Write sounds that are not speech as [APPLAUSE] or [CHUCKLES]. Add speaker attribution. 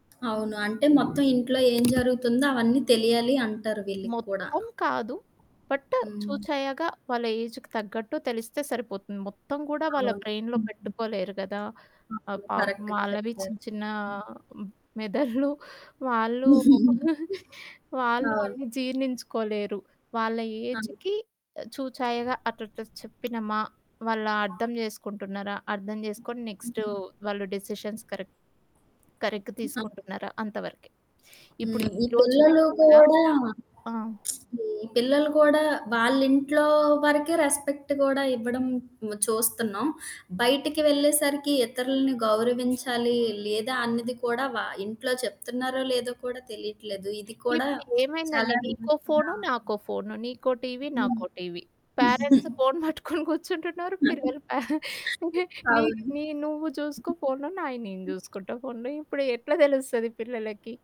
Speaker 1: అవును. అంటే మొత్తం ఇంట్లో ఏం జరుగుతుందో అవన్నీ తెలియాలి అంటారు వీళ్ళకి కూడా.
Speaker 2: మొత్తం కాదు. బట్
Speaker 1: హ్మ్.
Speaker 2: చూచయ్యాక వాళ్ళ ఏజుకి తగ్గట్టు తెలిస్తే సరిపోతుంది. మొత్తం కూడా వాళ్ళ
Speaker 1: అవును.
Speaker 2: బ్రెయిన్‌లో
Speaker 1: హుహు.
Speaker 2: పెట్టుకోలేరు కదా! ఆహ్,
Speaker 1: ఓకే.
Speaker 2: పాపం
Speaker 1: కరెక్ట్‌గా
Speaker 2: వాళ్ళవి
Speaker 1: చెప్పారు.
Speaker 2: చిన్న, చిన్న
Speaker 1: హ్మ్.
Speaker 2: మెదడ్లు [CHUCKLES] వాళ్ళు
Speaker 1: [CHUCKLES]
Speaker 2: [CHUCKLES] వాళ్ళు
Speaker 1: అవును.
Speaker 2: అన్నీ జీర్ణించుకోలేరు. వాళ్ళ
Speaker 1: ఆ!
Speaker 2: ఏజికి చూచాయగా అట్లాట్ల చెప్పినమా, వాళ్ళ అర్థం చేసుకుంటున్నారా? అర్థం చేసుకొని నెక్స్టు వాళ్ళు డెసిషన్స్ కరెక్ట్, కరెక్ట్
Speaker 1: ఆ!
Speaker 2: తీసుకుంటున్నారా అంత వరకే. ఇప్పుడు
Speaker 1: హ్మ్.
Speaker 2: ఈ
Speaker 1: ఈ
Speaker 2: రోజుల్లో
Speaker 1: పిల్లలు
Speaker 2: కూడా
Speaker 1: కూడా
Speaker 2: ఆ!
Speaker 1: ఈ పిల్లలు కూడా వాళ్ళింట్లో వరకే రెస్పెక్ట్ కూడా ఇవ్వడం చూస్తున్నాం. బయటికి వెళ్ళేసరికి ఇతరుల్ని గౌరవించాలి, లేదా అన్నది కూడా వ ఇంట్లో చెప్తున్నారో లేదో కూడా తెలీట్లేదు. ఇది కూడా
Speaker 2: ఇప్పుడు ఏమైందండి.
Speaker 1: చాలా
Speaker 2: నీకో ఫోను,
Speaker 1: [UNINTELLIGIBLE]
Speaker 2: నాకో ఫోను. నీకో టీవీ,
Speaker 1: హ్మ్.
Speaker 2: నాకో టీవీ. పేరెంట్సు
Speaker 1: [CHUCKLES]
Speaker 2: ఫోను పట్టుకొని కూర్చుంటున్నారు.
Speaker 1: [CHUCKLES]
Speaker 2: పిల్లలు ప నీకు
Speaker 1: అవును.
Speaker 2: నీ నువ్వు చూసుకో ఫోను, నాయి నేను చూసుకుంట ఫోను. ఇప్పుడు ఎట్లా తెలుస్తది పిల్లలకి?